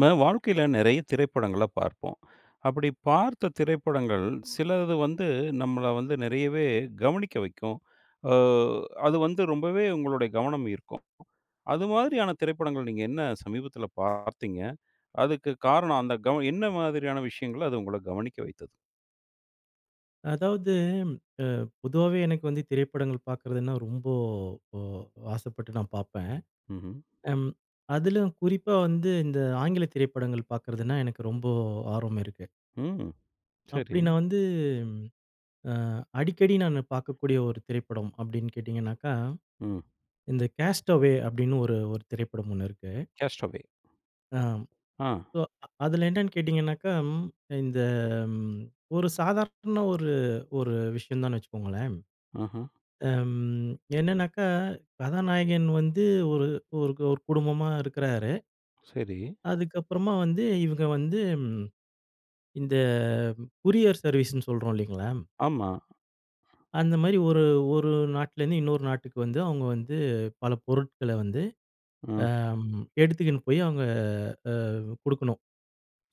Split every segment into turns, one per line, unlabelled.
நம்ம வாழ்க்கையில நெறைய திரைப்படங்கள பார்ப்போம். அப்டி பார்த்த திரைப்படங்கள் சிலது வந்து, நம்மள வந்து நெறையவே கவனிக்க வைக்கும். அ அது வந்து ரொம்பவே உங்களுடைய கவனம் ஈர்க்கும். அது மாதிரியான திரைப்படங்கள் நீங்க என்ன சமீபத்துல பார்த்தீங்க? அதுக்கு காரணம் அந்த கவ என்ன மாதிரியான விஷயங்கள அது உங்கள கவனிக்க வைத்தது?
அதாவது ம் அ பொதுவாவே எனக்கு வந்து திரைப்படங்கள் பார்க்கறதுனா, ரொம்போ அ ஆசைப்பட்டு நான் பார்ப்பேன்.
ம்ஹ்ம்.
ம் அதிலும் குறிப்பா வந்து இந்த ஆங்கில திரைப்படங்கள் பார்க்கறதுனா, எனக்கு ரொம்போ ஆர்வம் இருக்கு.
ம்.
அப்படி
சரி.
நான் வந்து ம் அ அடிக்கடி நானு பார்க்கக்கூடிய ஒரு திரைப்படம் அப்டின்னு கேட்டீங்னாக்கா,
ம்.
இந்த கேஸ்ட் அவே அப்டினு ஒரு ஒரு திரைப்படம் ஒண்ணு இருக்கு.
Cast away.
ஆம்
ஆ.
இப்போ அதுல என்னன்னு கேட்டீங்னாக்கா, இந்த ம் ஒரு சாதாரண ஒரு ஒரு விஷயதான்னு வச்சுக்கோங்களேன்.
ஆஹ.
அம் என்னனாக்கா, கதாநாயகன் வந்து ஒரு ஒரு ஒரு குடும்பமா இருக்குறாரு.
சரி.
அதுக்குப்புறமா வந்து இவங்க வந்து ம் இந்த கொரியர் சர்வீஸ்ன்னு சொல்றோம் இல்லைங்களா?
ஆமா.
அந்த மாரி ஒரு ஒரு நாட்டுலருந்து இன்னொரு நாட்டுக்கு வந்து அவுங்க வந்து பல பொருட்கள வந்து
அ.
அம் எடுத்துக்கின்னு போய் அவங்க அவ் குடுக்கணும்.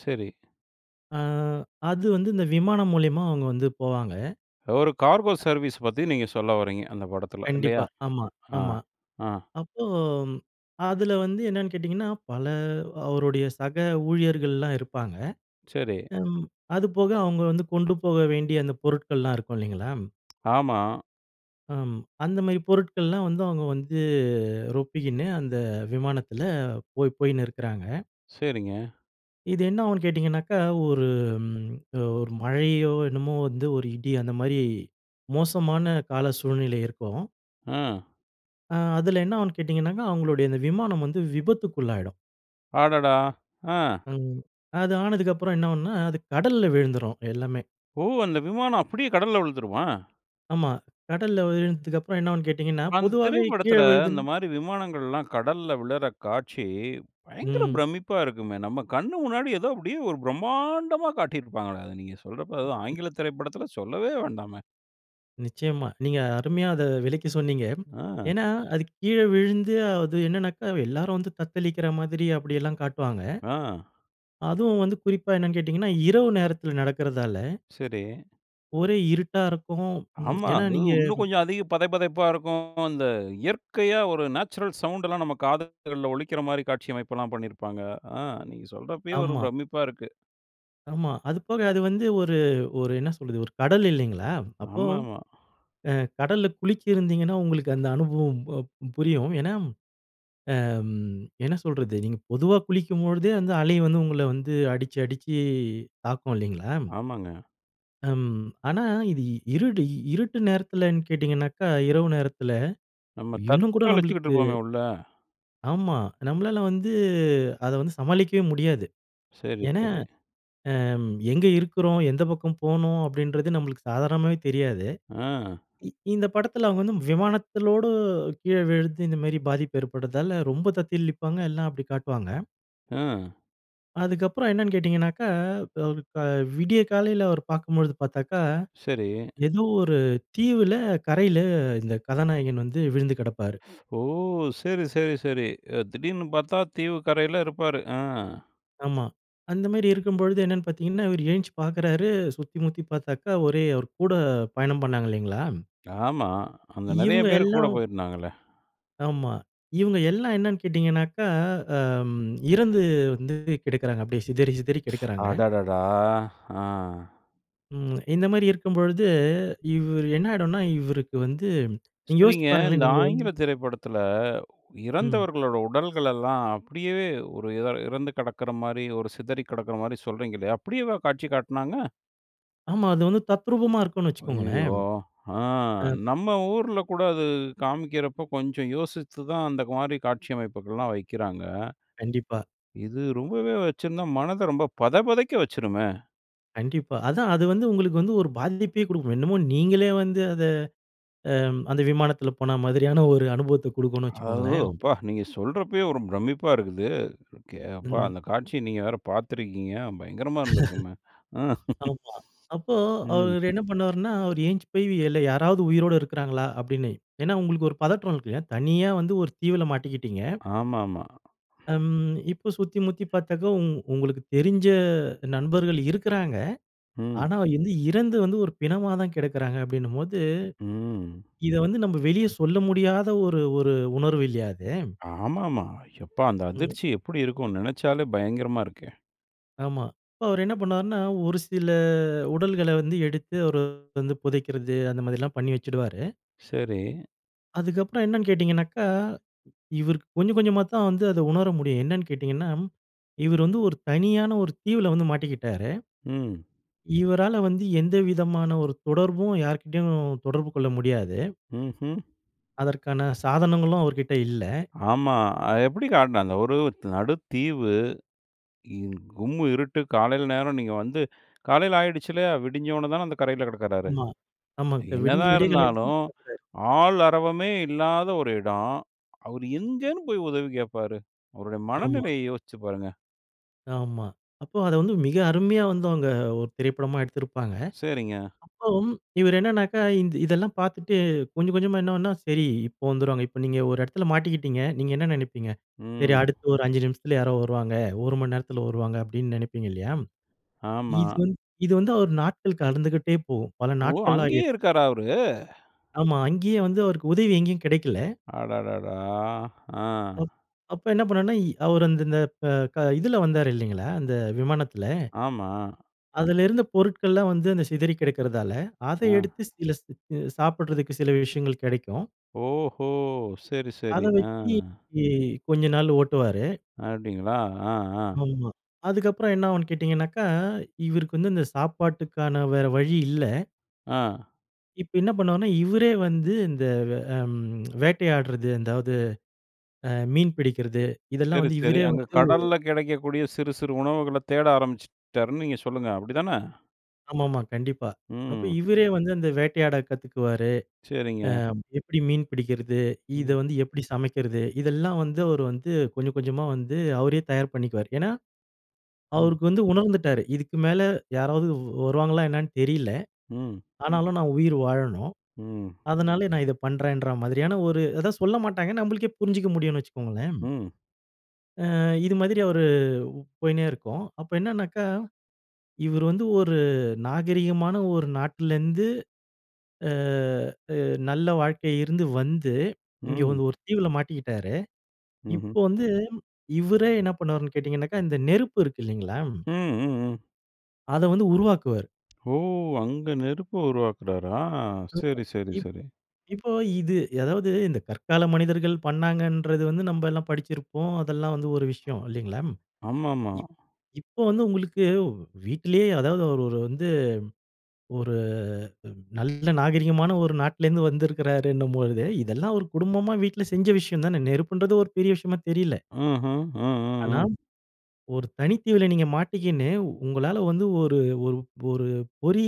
சரி.
அ அது வந்து இந்த விமானம் மூலியமா அவங்க வந்து போவாங்க.
ஒரு கார்கோ
அ.
சர்வீஸ் பத்தி நீங்க சொல்ல வர்றீங்க, அந்த படத்துல இல்லையா?
கண்டிப்பா. ஆமா.
அ. ஆ,
ஆமா.
ஆ.
அப்போ அதுல வந்து என்னன்னு கேட்டீங்கன்னா, பல அவருடைய சக ஊழியர்கள்லாம் இருப்பாங்க.
சரி.
ம் அது போக அவங்க வந்து கொண்டு போக வேண்டிய அந்த பொருட்கள்லாம் இருக்கும் இல்லைங்களா?
ஆமா.
அம் அந்த மாரி பொருட்கள்லாம் வந்து அவங்க வந்து ரொப்பிக்கின்னு, அந்த விமானத்துல போயி போயின்னு இருக்றாங்க.
சரிங்க.
இது என்னாகுன்னு கேட்டீங்னாக்கா, ஒரு ம் அ ஒரு மழையோ என்னமோ வந்து ஒரு இடி அந்த மாரி மோசமான கால சூழ்நிலை இருக்கும்.
அ.
ஆ அதுல என்ன ஆவுன்னு கேட்டீங்னாக்கா, அவங்களுடைய இந்த விமானம் வந்து விபத்துக்குள்ளாயிடும்.
அடடா! ஆ.
ம். அது ஆனதுக்கப்புறம் என்ன ஆவுன்னா, அது கடல்ல விழுந்துரும் எல்லாமே.
ஓ! அந்த விமானம் அப்டியே கடல்ல விழுந்துருமா?
ஆமா. கடல்ல விழுந்ததுக்கு அப்புறம் என்னாவும்னு கேட்டீங்கன்னா,
அந்த
பொதுவாவே கீழ
திரைப்படத்துல இந்த
விழுதுன்
மாரி விமானங்கள்லாம் கடல்ல விழர காட்சி, பயங்கர
ம்.
பிரமிப்பா இருக்குமே. நம் கண்ணு முன்னாடி ஏதோ அப்டியே ஒரு பிரம்மாண்டமா காட்டியிருப்பாங்களே? அத நீங்க சொல்றப்போ அதுதான் ஆங்கில திரைப்படத்துல சொல்லவே வேண்டாமே.
நிச்சயமா. நீங்க அருமையா அத விளக்கி சொன்னீங்க.
ஆ.
ஏன்னா, அது கீழ விழுந்து அது என்னன்னாக்கா எல்லாரும் வந்து தத்தளிக்கிற மாதிரி அப்டியெல்லாம் காட்டுவாங்க.
ஆ.
அதுவும் வந்து குறிப்பா என்னன்னு கேட்டீங்கன்னா, இரவு நேரத்ல நடக்றதால
சரி.
ஒரே இருட்டா இருக்கும். ம்
ஆமா.
ஏன்னா
அது
நீங்க
இன்னும் கொஞ்சம் அதிக பதைபதைப்பா இருக்கும். அந்த இயற்கையா ஒரு நேச்சுரல் சவுண்ட்லாம் நம்ம காதுகள்ல ஒலிக்கிற மாதிரி காட்சி அமைப்புலாம் பண்ணிருப்பாங்க. ஆ நீங்க சொல்றப்பயே ஒரு
ஆமா.
பிரமிப்பா இருக்கு.
ஆமா. அது போக அது வந்து ஒரு ஒரு என்ன சொல்றது? ஒரு கடல் இல்லிங்களா? அப்போ
ஆமாமா.
அ கடல்ல குளிச்சிருந்தீங்கன்னா உங்களுக்கு அந்த அனுபவம் ஒ புரியும். ஏன்னா, அ ம் என்ன சொல்றது? நீங்க பொதுவா குளிக்கும்பொழுதே அந்த அலை வந்து உங்கள வந்து அடிச்சு அடிச்சி தாக்கும் இல்லிங்களா?
ஆமாங்க.
ம். ஆனா இது இ இருடு இருட்டு நேரத்துலன்னு கேட்டிங்கனாக்கா, இரவு நேரத்துல
நம்ம
இன்னும் கூட
தத்தளிச்சிட்டு
நம்பளுக்கு
இருப்போமே உள்ள.
ஆமா. நம்மளால வந்து அத வந்து சமாளிக்கவே முடியாது.
சரி,
ஏன்னா
சரி.
அ எங்க இருக்குறோம்? எந்த பக்கம் போணும்? அப்டின்றது நம்மளுக்கு சாதாரணமாவே தெரியாது.
ஆ.
இ இந்த படத்துல வந்து விமானத்தோடு கீழ விழுந்து இந்த மாதிரி பாதிப்பு ஏற்படுவதால ரொம்ப தத்தளிப்பாங்க. எல்லாம் அப்டி காட்டுவாங்க.
ம்.
அதுக்கப்புறம் என்னென்னு கேட்டீங்கனாக்கா, ப இப்ப விடிய காலைல அவரு பார்க்கும்பொழுது பார்த்தாக்கா,
சரி.
ஏதோ ஒரு தீவுல, கரைல, இந்த கதாநாயகன் வந்து விழுந்து கிடப்பாரு.
ஸ் ஓ! சரி, சரி, சரி. அ, திடீர்ன்னு பாத்தா தீவு கரைல இருப்பாரு. ஆ.
ஆமா. அந்த மாரி இருக்கும்பொழுது என்னென்னு பார்த்தீங்கன்னா, இவரு எந்திச்சு பாக்குறாரு, சுத்தி முத்தி பாத்தாக்கா ஒரே அவரு கூட பயணம் பண்ணாங்க இல்லைங்களா?
ஆமா. அங்க நிறைய
இவங்க
பேரு கூட
எல்லாம்
போயிருந்தாங்கலே.
ஆமா. இவங்க எல்லாம் என்னென்னு கேட்டீங்கனாக்கா, அம் இறந்து வந்து கெடக்குறாங்க. அப்படியே சிதறி, சிதறி
ஸ்
கெடக்குறாங்க.
அடடடா! ஆ.
ம் இந்த மாரி இருக்கும்பொழுது, இவரு என்னாயிடும்னா இவருக்கு வந்து, நீங்க யோசிச்சு
சரிங்க. இந்த
பாருங்களேன், நீங்க வந்து
ஆங்கில திரைப்படத்துல,
ம்.
இறந்தவர்களோட உடல்களெல்லாம் அப்படியேவே ஒரு இதழ் இறந்து கிடக்குற மாரி, ஒரு சிதறி கிடக்குற மாரி சொல்றீங்க இல்லையா? அப்படியேவா காட்சி காட்டுனாங்க?
ஆமா, அது வந்து தத்ரூபமா இருக்கும்ன்னு வச்சுக்கோங்களேன்.
ஐயயோ! ஆ,
அ.
நம்ம ஊர்ல கூட அது, காமிக்கிறப்போ கொஞ்சம் யோசித்து தான் அந்த மாரி காட்சி அமைப்புகள்லாம் வைக்கிறாங்க.இது
கண்டிப்பா.
ரொம்பவே வச்சிருந்தா, மனத ரொம்ப பதபதைக்க வச்சிருமே?
கண்டிப்பா. அதான் அது வந்து உங்களுக்கு வந்து, ஒரு பாதிப்பே குடுக்கும். என்னமோ நீங்களே வந்து அத, அம் அந்த விமானத்துல போனா மாதிரியான ஒரு அனுபவத்த குடுக்கும்ன்னு
அ ஓ!
வச்சுக்கோங்களேன்.
அப்பா! நீங்க சொல்றப்பயே ஒரு பிரம்மிப்பா இருக்குதே. கே அப்பா!
ம்.
அந்த காட்சிய நீங்க வேற பார்த்துருக்கீங்க, பயங்கரமா இருந்திருக்குமே? அ.
.ஆமா. அப்போ
ம்.
அவரு என்ன பண்ணுவாருன்னா, "அவரு எழுந்ச்சு போய, இல்ல யாராவது உயிரோட இருக்றாங்களா" அப்படின்னு. ஏன்னா உங்களுக்கு ஒரு பதற்றம் இருக்கும் இல்லையா? தனியா வந்து ஒரு தீவுல மாட்டிக்கிட்டீங்க.
ஆமாமா.
அம், இப்போ சுத்தி முத்தி பார்த்ததும், "உங்களுக்கு தெரிஞ்ச நண்பர்கள் இருக்குறாங்க,
ம்.
ஆனா வந்து இறந்து வந்து ஒரு பிணமா தான் கெடக்குறாங்க" அப்படின்னும்போது,
ம்.
இத வந்து நம்ப வெளிய சொல்ல முடியாத ஒரு ஒரு உணர்வு இல்லியா அது?
ஆமாமா. எப்பா! அந்த
ம்.
அதிர்ச்சி எப்படி இருக்கும்? நெனச்சாலே பயங்கரமா இருக்கே!
ஆமா. அப்போ அவரு என்ன பண்ணுவாருன்னா, "ஒரு சில உடல்கள வந்து எடுத்து அவரு வந்து புதைக்கிறது", அந்த மாதிரிலாம் பண்ணி வச்சிடுவாரு.
சரி.
அதுக்கப்புறம் என்னனு கேட்டீங்கனக்கா, இவருக்கு கொஞ்சம், கொஞ்சமா தான் வந்து அத உணர முடியும். என்னன்னு கேட்டீங்கன்னா, இவரு வந்து ஒரு தனியான ஒரு தீவுல வந்து மாட்டிக்கிட்டாரு.
ம்.
இவரால வந்து எந்த விதமான ஒரு தொடர்பும், யார் கிட்டயும் தொடர்பு கொள்ள முடியாது.
ம்ஹூம்.
அதற்கான சாதனங்களும் அவர்கிட்ட இல்ல.
ஆமா. அ எப்படி காட்டுனாங்க? ஒருத் நடு தீவு. இங் கும்மிருட்டு, காலைல நேரம் நீங்க வந்து காலைல ஆகிடுச்சில்லையா? விடிஞ்சோன தான அந்த கரையில கெடக்குறாரு?
ஆமா. ஆமாங்க விடுஞ்சு,
என்னதான்
விடியகாலைல தான்
இருந்தாலும்,
பாக்குறாரு.
ஆள் அறவமே இல்லாத ஒரு இடம். அவரு எங்கேன்னு போயி உதவி கேப்பாரு? அவருடைய
ஆமா.
மனநிலைய யோசிச்சு பாருங்க.
ஆமா. அப்போ அத வந்து மிக அருமையா வந்து அவுங்க, ஒரு திரைப்படமா எடுத்திருப்பாங்க.
சரிங்க.
அப்பவும், இவர் என்னன்னாக்கா, இந்த இதெல்லாம் பார்த்துட்டு, கொஞ்சம் கொஞ்சமா என்ன பண்ண, சரி இப்போ வந்துருவாங்க, இப்போ நீங்க ஒரு இடத்துல மாட்டிக்கிட்டீங்க, நீங்க என்ன நினைப்பீங்க? "சரி
ம்.
அடுத்து ஒரு 5 நிமிஷத்தில யாரோ வருவாங்க. 1 மணி நேரத்துல வருவாங்க." அப்டின்னு நினைப்பீங்க இல்லையா?
ஆமா.
[unintelligible] இது வந்து, அவர் நாட்கள் கடந்துக்கிட்டே போகும். பல
ஓ!
நாட்கள்
அங்கேயே
ஆகிடும்.
இருக்காரா அவரு?
ஆமா அங்கேயே வந்து, அவருக்கு உதவி எங்கேயும் கிடைக்கல.
அடடடா, ஆ.
அப் அப்போ என்ன பண்ணுவார்ன்னா, இ அவர் அந்த இந்த ப க இதுல வந்தாரு இல்லிங்களா? அந்த விமானத்துல.
ஆமா.
அதுல இருந்த பொருட்கள்லாம் வந்து அந்த சிதறி கிடக்குறதால, அத
ஆ.
எடுத்து சில ஸ் சாப்பிடுறதுக்கு சில விஷயங்கள் கிடைக்கும்.
ஓஹோ! சரி,
அத
சரி. ஆ.
வச்சு கொஞ்ச நாளு ஓட்டுவாரு.
அப்டிங்களா? ஆ, ஆ.
ஆமா. அதுக்கப்புறம் என்ன ஆவுன்னு கேட்டீங்கன்னாக்க, இவருக்கு வந்து இந்த சாப்பாட்டுக்கான வேற வழி இல்ல.
ஆ.
இப்ப என்ன பண்ணுவார்ன்னா, இவரே வந்து இந்த வ ம் வேட்டையாடுறது, அதாவது அ மீன் பிடிக்கிறது, இதெல்லாம்
சரி,
வந்து
சரி.
இவரே
அங்கே
வந்து
கடல்ல கிடைக்கக்கூடிய, சிறு சிறு உணவுகள தேட ஆரம்பிச்சுட்டாருன்னு நீங்க சொல்லுங்க. அப்டிதானே?
ஆமாமா. கண்டிப்பா. அப்ப
ம்.
இவரே வந்து அந்த வேட்டையாட கத்துக்குவாரு.
சரிங்க.
அ எப்படி மீன் பிடிக்கிறது, இத
ம்.
வந்து எப்படி சமைக்கிறது, இதெல்லாம் வந்து அவரு வந்து, கொஞ்சம் கொஞ்சமா வந்து அவரே தயார் பண்ணிக்குவாரு. ஏன்னா,
ம்.
அவருக்கு வந்து உணர்ந்துட்டாரு. இதுக்கு மேல, யாராவது வ் வருவாங்களா என்னென்னு தெரில.
ம்.
ஆனாலும் நான் உயிர் வாழணும்.
ம்.
அதனால நான் இத பண்ணுறேன்ற மாதிரியான ஒரு அதான் சொல்லமாட்டாங்க. ஏன்னா நம்ளுக்கே புரிஞ்சுக்க முடியும்ன்னு வச்சுக்கோங்களேன்.
ம்.
ஆ இது மாதிரி அவரு போய்ண்னே இருக்கும். அப்போ என்னென்னாக்கா, இவரு வந்து ஒரு நாகரீகமான ஒரு நாட்டிலருந்து அ அ நல்ல வாழ்க்கை இருந்து வந்து இங்க
ம்.
வந்து ஒரு தீவுல மாட்டிக்கிட்டாரு.
ம்ஹ்ம்.
இப்போ வந்து, இவரே என்ன பண்ணுவாருன்னு கேட்டீங்கனாக்கா, இந்த நெருப்பு இருக்கு இல்லைங்களா?
ம், ம், ம்.
அத வந்து உருவாக்குவாரு.
ஓ! அங்க நெருப்ப உருவாக்குறாரா?
[unintelligible]
சரி, சரி,
.இப்போ
சரி.
இப்போ இது அதாவது இந்த கற்கால மனிதர்கள் பண்ணாங்கன்றது வந்து நம்ப எல்லாம் படிச்சிருப்போம். அதெல்லாம் வந்து ஒரு விஷயம் இல்லைங்களா?
ஆமாமா.
இப் இப்போ வந்து உங்களுக்கு வ் வீட்டிலேயே அதாவது அவரு ஒரு வந்து, ஒரு அ நல்ல நாகரீகமான ஒரு நாட்ல இருந்து வந்திருக்கிறாருன்னும்பொழுது, இதெல்லாம் ஒரு குடும்பமா வீட்டுல செஞ்ச விஷயம் தான? நெருப்புன்றது ஒரு பெரிய விஷயமா தெரியல.
ஆஹ். ஆ, ஆ,
ஆனா,
ஆ.
ஒரு தனி தீவுல நீங்க மாட்டிக்கின்னு, உங்களால வந்து ஒரு ஒரு ஒரு பொறி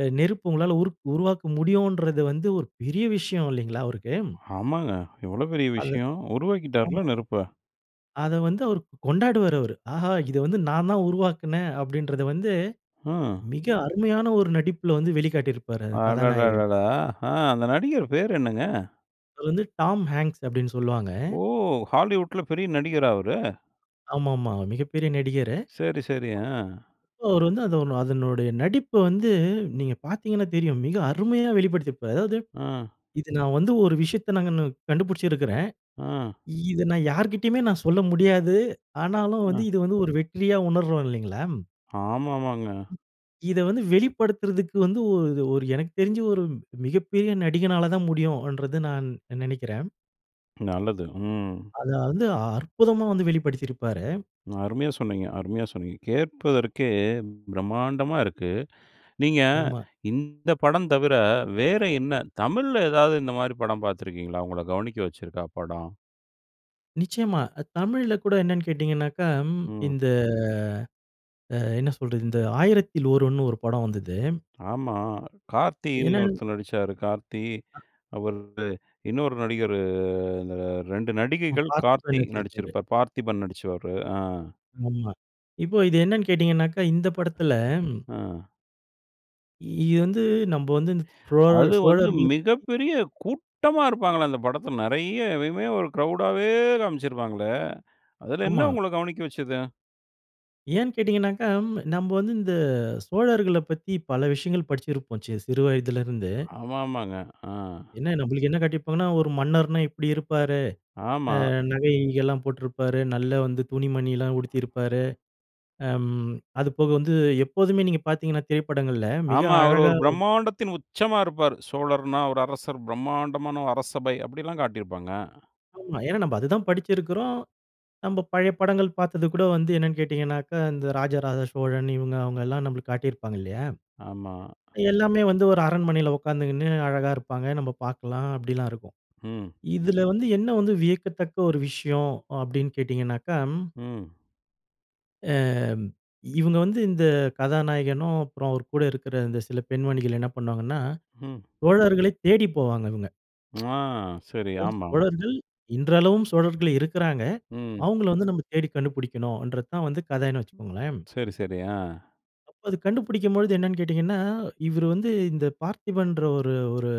அ நெருப்பு உங்களால உருக் உருவாக்க முடியுன்றது வந்து ஒரு பெரிய விஷயம் இல்லைங்களா, அவருக்கு?
ஆமாங்க. எவ்வளோ பெரிய
அது.
விஷயம்? உருவாக்கிட்டார்ல
ஆமா.
நெருப்ப?
அத வந்து அவரு கொண்டாடுவாரு அவரு. ஆஹா! இத வந்து நான் தான் உருவாக்கினேன். அப்பிடின்றத வந்து
ஆ.
மிக அருமையான ஒரு நடிப்பில வந்து வெளிக்காட்டியிருப்பாரு அத கதாநாயகன்.
அடடடடா! ஆ. அந்த நடிகர் பேரு என்னங்க?
அது வந்து டாம் ஹேங்க்ஸ் அப்டீன்னு சொல்லுவாங்க.
ஓ! ஹாலிவுட்ல பெரிய நடிகரா அவரு?
ஆமாமா. மிகப்பெரிய நடிகரு.
சரி, சரி. ஆ.
அப் அவரு வந்து அதனோ அதனுடைய நடிப்ப வந்து நீங்க பார்த்தீங்கன்னா தெரியும். மிக அருமையா வெளிப்படுத்தியிருப்பாரு அதாவது
ஆ.
இது நான் வந்து ஒரு விஷயத்த நாங்க கண்டுபிடிச்சிருக்கிறேன்.
ஆ.
இத நான் யார்கிட்டயுமே நான் சொல்ல முடியாது. ஆனாலும் வந்து
ஆ.
இது வந்து ஒரு வெற்றியா உணர்றோம் இல்லேங்களா?
ஆமாமாங்க.
இத வந்து வெளிப்படுத்துறக்கு வந்து ஒ இது ஒரு எனக்கு தெரிஞ்சு ஒரு மிகப்பெரிய நடிகனால தான் முடியுன்றது நான் நினைக்கிறேன்.
நல்லது. ம்.
அதாவது அற்புதமா வந்து வெளிப்படுத்தியிருப்பாரு.
அருமையா சொன்னீங்க அருமையா சொன்னீங்க. கேட்பதற்கே பிரம்மாண்டமா இருக்கு. நீங்க
ஆமா.
இந்த படம் தவிர வேற என்ன தமிழ்ல ஏதாவது இந்த மாதிரி படம் பார்த்திருக்கிறீங்களா? உங்கள கவனிக்க வச்சிருக்கா படம்?
நிச்சயமா. அ தமிழ்ல கூட என்னன்னு கேட்டீங்கன்னாக்க ம்
ம்.
இந்த அ என்ன சொல்றது, இந்த ஆயிரத்தில் ஒருவன்னு ஒரு படம் வந்தது.
ஆமா. கார்த்தின்னு
என்னனு
ஒருத்தர் நடிச்சாரு. கார்த்தி
அ.
அவரோடு இன்னொரு நடிகரு அந்த 2
நம்ம
நடிகைகள்,
பார்த்திபன்
கார்த்தி
நடிச்சிருப்பாரு.
நடிச்சுருப்பாரு. பார்த்திபன் நடிச்சிருப்பாரு. அ.
ஆமா. இப்போ இத என்னன்னு கேட்டீங்கன்னாக்க, இந்த படத்தில ம்.
அ.
இது வந்து நம்ப வந்து சோழ
அது வந்து
சோழர்கள பத்தி.
மிகப்பெரிய கூட்டமா இருப்பாங்களே, அந்த படத்துல நிறைய இதுவே ஒரு கிரவுடாவே காமிச்சிருப்பாங்களே, அதுல என்ன
ஆமா.
உங்கள கவனிக்க வச்சது?
ஏன் கேட்டிங்கனாக்க, நம்ப வந்து இந்த சோழர்கள பத்தி பல விஷயங்கள் படிச்சிருப்போம் செ சிறுவயதுலருந்து.
ஆமா, ஆமாங்க. ஆ.
என்ன நம்மளுக்கு என்ன காட்டிருப்பாங்கன்னா, ஒரு மன்னர்னா இப்டி இருப்பாரு.
ஆமா.
அ நகை கிகைகெல்லாம் போட்ருப்பாரு, நல்ல வந்து துணி மணிலாம் உடுத்தியிருப்பாரு. அம் அது போக வந்து, எப்போதுமே நீங்க பார்த்தீங்கன்னா, திரைப்படங்கள்ல மிக
ஆமா. அவரு
அழகா
ஒரு
காட்டி
பிரம்மாண்டத்தின் உச்சமா இருப்பாரு, சோழர்ன்னா ஒரு அரசர், பிரம்மாண்டமான ஒரு அரசபை அப்டிலாம் காட்டிருப்பாங்க.
ஆமா. ஏன்னா நம்ப அது தான் படிச்சிருக்குறோ, நம்ப பழைய படங்கள் பார்த்தது கூட வந்து என்னன்னு கேட்டிங்கனாக்க. இந்த ராஜ ராஜ சோழன் இவங்க அவங்களாம் நம்மளுக்கு காட்டிருப்பாங்க இல்லையா?
ஆமா.
எல்லாமே வந்து ஒரு அரண்மனைல உக்காந்துக்கினு அழகா இருப்பாங்க, நம்ம பாக்கலாம் அப்டிலாம் இருக்கும்.
ம்.
இதுல வந்து என்ன வந்து வியக்கத்தக்க ஒரு விஷயம் அப்டீன்னு கேட்டிங்கன்னா.
ம்.
அ இவங்க வந்து இந்த கதாநாயகனும், அப்புறம் அவர் கூட இருக்குற இந்த சில பெண்மணிகள் என்ன பண்ணுவாங்கன்னா,
ம்.
சோழர்களை தேடி போவாங்க இவங்க.
ஆ. சரி,
[unintelligible]
ஆமாமா.
சோழர்கள் இன்றளவும் சோழர்கள் இருக்குறாங்க.
ம்.
அவுங்கள வந்து நம்ப தேடி கண்டுபுடிக்கனும்ன்றது தான் வந்து கதைன்னு வச்சுக்கோங்களேன்.
சரி, சரி. அ.
அப்ப அது கண்டுபுடிக்கும்பொழுது என்னன்னு கேட்டீங்கன்னா, இவரு வந்து இந்த பார்த்திபன்ன்ற ஒரு ஒரு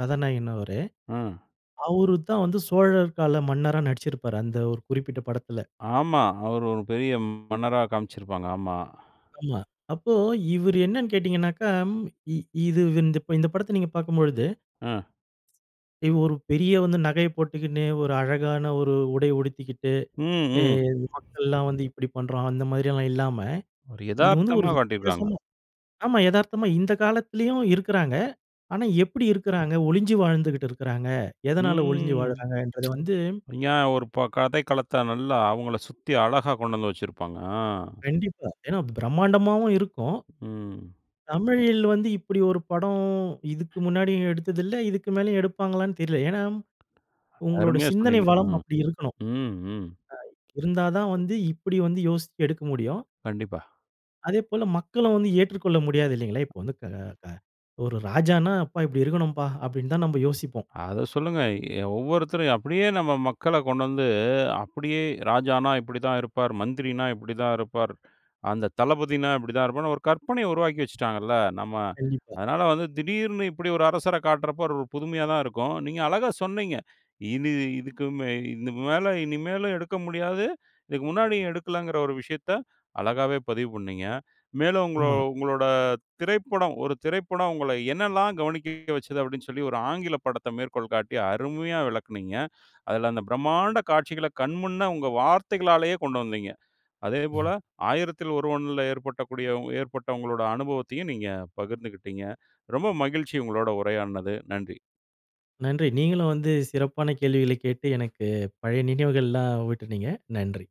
கதாநாயகன் அவரு.
ம்.
அவரு தான் வந்து சோழர் கால மன்னரா நடிச்சுருப்பாரு. அந்த ஒரு குறிப்பிட்ட படத்தில.
ஆமா. அவரு ஒரு பெரிய மன்னரா காமிச்சிருப்பாங்க. ஆமா.
ஆமா. அப்போ இவரு என்னன்னு கேட்டிங்கன்னாக்கா, ம் இ இது இந்தப்- இந்த படத்தை நீங்க பார்க்கும்பொழுது,
அ.
இவு ஒரு பெரிய வந்து நகைய போட்டுக்கின்னு, ஒரு அழகான ஒரு உடை உடுத்திக்கிட்டு,
ம்.
எ
ம்.
மக்கள்லாம் வந்து இப்படி பண்றான். அந்த மாரியெல்லாம் இல்லாம,
ஒரு
இது வந்து ஒரு
எதார்த்தமா காட்டியிருக்காங்க.
வித்தியாசமா ஆமா. எதார்த்தமா இந்த காலத்துலயும் இருக்குறாங்க. ஆனா எப்பிடி இருக்குறாங்க? ஒழிஞ்சி வாழ்ந்துகிட்டு இருக்குறாங்க.
ம்.
எதனால ஒழிஞ்சி வாழுறாங்கன்றத வந்து
ங்யா ஒரு ப கதைக்களத்தை, நல்லா அவுங்கள சுத்தி அழகா கொண்டு வந்து வச்சிருப்பாங்க. அ.
கண்டிப்பா. ஏன்னா பிரமாண்டமாவும் இருக்கும்.
ம்.
தமிழில் வந்து இப்பிடி ஒரு படம் இதுக்கு முன்னாடியும் எடுத்ததில்லை, இதுக்கு மேலயும் எடுப்பாங்களான்னு தெரில. ஏன்னா உங்களோட
அருமையா
சிந்தனை
சொன்னீங்க,
வளம்
ம்.
அப்படி இருக்கணும்.
ம், ம்.
அ இருந்தா தான் வந்து, இப்படி வந்து யோசிச்சு எடுக்க முடியும்.
கண்டிப்பா.
அதேபோல மக்களும் வந்து ஏற்றுக்கொள்ள முடியாது இல்லைங்களா? இப்போ வந்து க க ஒரு ராஜான்னா, "அப்பா இப்படி இருக்கணும்ப்பா" அப்படின்னு தான் நம்ப யோசிப்போம்.
அத சொல்லுங்க. எ ஒவ்வொருத்தரும் அப்படியே நம்ம மக்கள கொண்டு வந்து, அப்படியே ராஜானா இப்படி தான் இருப்பார். மந்திரினா இப்படி தான் இருப்பார். அந்த தளபதினா இப்படி தான் இருப்பார்ன்னு, ஒரு கற்பனைய உருவாக்கி வச்சுட்டாங்கல்ல. நம்ம
கண்டிப்பா.
அதனால வந்து திடீர்னு இப்புடி ஒரு அரசர காட்டுறப்போ, ஒரு புதுமையா தான் இருக்கும். நீங்க அழகா சொன்னீங்க. இனி இதுக்கு மே இது மேல இனிமேலு எடுக்க முடியாது. இதுக்கு முன்னாடியும் எடுக்கலங்கிற ஒரு விஷயத்த, அழகாவே பதிவு பண்ணீங்க. மேலும் உங்கள
ஆமா.
உங்களோட திரைப்படம் ஒரு திரைப்படம் உங்கள என்னலாம் கவனிக்க வச்சது, அப்படின்னு சொல்லி ஒரு ஆங்கிலப் படத்த மேற்கோள் காட்டி, அருமையா விளக்குனீங்க. அதில அந்த பிரம்மாண்ட காட்சிகள கண்முன்ன, உங்க வார்த்தைகளாலயே கொண்டு வந்தீங்க. அதேபோல
ம்.
ஆயிரத்தில் ஒருவன்ல ஏற்பட்டக்கூடிய உ ஏற்பட்ட உங்களோட அனுபவத்தையும் நீங்க பகிர்ந்துகிட்டீங்க. ரொம்ப மகிழ்ச்சி உங்களோட உரையாடுனது. நன்றி.
நன்றி. நீங்களும் வந்து சிறப்பான கேள்விகளை கேட்டு, எனக்கு பழைய நினைவுகள்லாம் ஊட்டுனீங்க. நன்றி.